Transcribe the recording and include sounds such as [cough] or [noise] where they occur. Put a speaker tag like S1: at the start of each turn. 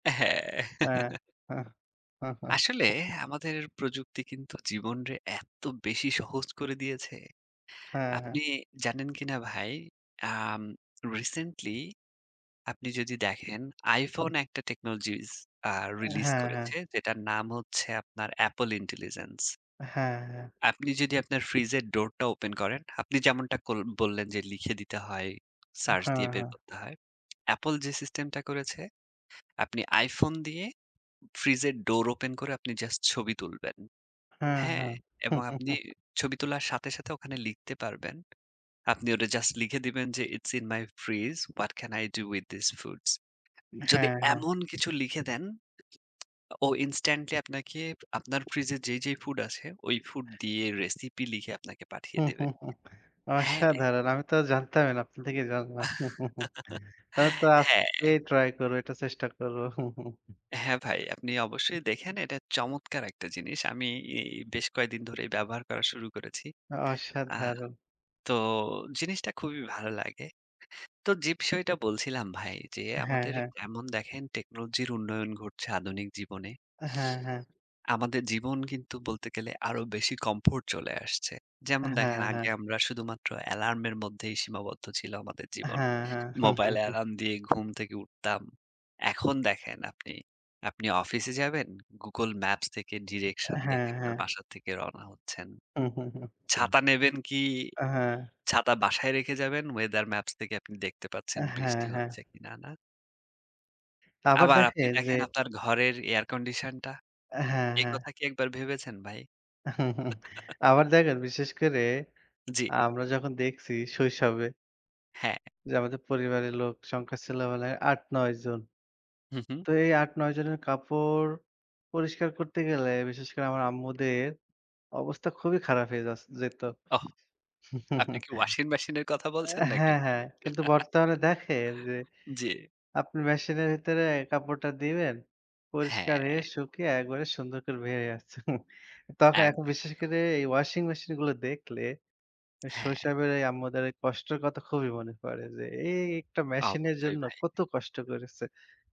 S1: হ্যাঁ।
S2: হ্যাঁ,
S1: [chuckles]
S2: হ্যাঁ।
S1: আসলে
S2: [laughs]
S1: আমাদের প্রযুক্তি কিন্তু জীবনরে এত বেশি সহজ করে দিয়েছে।
S2: হ্যাঁ, হ্যাঁ।
S1: আপনি জানেন কিনা ভাই, আম রিসেন্টলি আপনি যদি দেখেন iphone একটা টেকনোলজিস আ রিলিজ
S2: হ্যাঁ, হ্যাঁ।
S1: করেছে যেটার নাম হচ্ছে আপনার Apple Intelligence।
S2: হ্যাঁ, হ্যাঁ।
S1: আপনি যদি আপনার ফ্রিজের ডোরটা ওপেন করেন, আপনি যেমনটা কল বললেন যে, "লিখে দিতে হয়, সার্চ
S2: হ্যাঁ,
S1: দিয়ে বের
S2: হ্যাঁ।
S1: করতে হয়।" [smacks lips] Apple যে সিস্টেমটা করেছে, আপনি iphone দিয়ে ফ্রিজের ডোর ওপেন করে আপনি জাস্ট ছবি তুলবেন।
S2: হ্যাঁ,
S1: হ্যাঁ?
S2: হ্যাঁ।
S1: এবং আপনি
S2: [chuckles]
S1: ছবি তোলার সাথে, সাথে ওখানে লিখতে পারবেন। আপনি ওটা জাস্ট লিখে দিবেন যে, It's in my fridge. What can I do with this foods? যদি
S2: হ্যাঁ, হ্যাঁ।
S1: এমন কিছু লিখে দেন ও ইনস্ট্যান্টলি আপনাকে আপনার ফ্রিজে যেই, যেই ফুড আছে, ওই ফুড দিয়ে রেসিপি লিখে আপনাকে পাঠিয়ে দেবে।
S2: [chuckles]
S1: হ্যাঁ।
S2: অসাধারণ। আমি তো জানতামই না আপনার থেকেই জানলাম। [chuckles]
S1: [laughs]
S2: তাহলে তো
S1: হ্যাঁ।
S2: আজকেই ট্রাই করবো, এটা চেষ্টা করবো। [chuckles]
S1: হ্যাঁ, ভাই আপনি অবশ্যই দেখেন এটা চমৎকার একটা জিনিস। আমি এ বেশ কয়দিন ধরেই ব্যবহার করা শুরু করেছি। আ
S2: অসাধারণ।
S1: তো জিনিসটা খুবই ভালো লাগে। তো যে বিষয়টা বলছিলাম ভাই যে
S2: হ্যাঁ,
S1: আমাদের
S2: হ্যাঁ।
S1: এমন দেখেন টেকনোলজির উন্নয়ন ঘটছে আধুনিক জীবনে
S2: হ্যাঁ, হ্যাঁ।
S1: আমাদের জীবন কিন্তু বলতে গেলে আরো বেশি কমফোর্ট চলে আসছে। যেমন
S2: হ্যাঁ,
S1: দেখেন আগে
S2: হ্যাঁ।
S1: আমরা শুধুমাত্র অ্যালার্মের মধ্যেই সীমাবদ্ধ ছিল আমাদের জীবন।
S2: হ্যাঁ, হ্যাঁ।
S1: মোবাইল
S2: [chuckles]
S1: অ্যালার্ম দিয়ে ঘুম থেকে উঠতাম। এখন দেখেন আপনি, আপনি অফিসে যাবেন, Google Maps থেকে ডিরেকশন
S2: হ্যাঁ,
S1: দেখে আপনার
S2: হ্যাঁ।
S1: বাসা থেকে রওনা হচ্ছেন।
S2: [chuckles]
S1: ছাতা নেবেন কি,
S2: আ হ্যাঁ।
S1: ছাতা বাসায় রেখে যাবেন। Weather Maps থেকে আপনি দেখতে পাচ্ছেন
S2: হ্যাঁ,
S1: বৃষ্টি
S2: হ্যাঁ।
S1: হচ্ছে কিনা না?
S2: আবার
S1: আবার আপনি
S2: দেখেন যে
S1: দেখেন আপনার ঘরের এয়ার কন্ডিশনটা।
S2: হ্যাঁ,
S1: এ
S2: হ্যাঁ।
S1: কথা কি একবার ভেবেছেন ভাই?
S2: [chuckles]
S1: [laughs]
S2: আবার দেখেন বিশেষ করে
S1: জি।
S2: আমরা যখন দেখছি শৈশবে
S1: হ্যাঁ।
S2: যে আমাদের পরিবারের লোক সংখ্যা ছেলেবেলায় ৮, ৯ জন।
S1: হুম, হুম।
S2: তো এই ৮, ৯ জনের কাপড় পরিষ্কার করতে গেলে বিশেষ করে আমার আম্মুদের অবস্থা খুবই খারাপ হয়ে যাছ যেত।
S1: ওহ। আপনি
S2: [chuckles]
S1: কি ওয়াশিং মেশিনের কথা বলছেন
S2: আ
S1: নাকি
S2: হ্যাঁ,
S1: ভাই?
S2: হ্যাঁ। কিন্তু বর্তমানে দেখেন যে
S1: [laughs] জি।
S2: আপনি মেশিনের ভিতরে কাপড়টা দিবেন, পরিষ্কার হয়ে
S1: হ্যাঁ।
S2: শুকিয়ে একবারে সুন্দর করে বের হয়ে আসছে। [chuckles] তখন এখন
S1: একদম,
S2: বিশেষ
S1: একদম
S2: করে এই ওয়াশিং মেশিনগুলো দেখলে আ
S1: হ্যাঁ।
S2: শৈশবের এই আম্মুদের এই কষ্টের কথা খুবই মনে পড়ে যে এই একটা মেশিনের
S1: অবশ্যই
S2: জন্য
S1: ভাই।
S2: কত কষ্ট করেছে।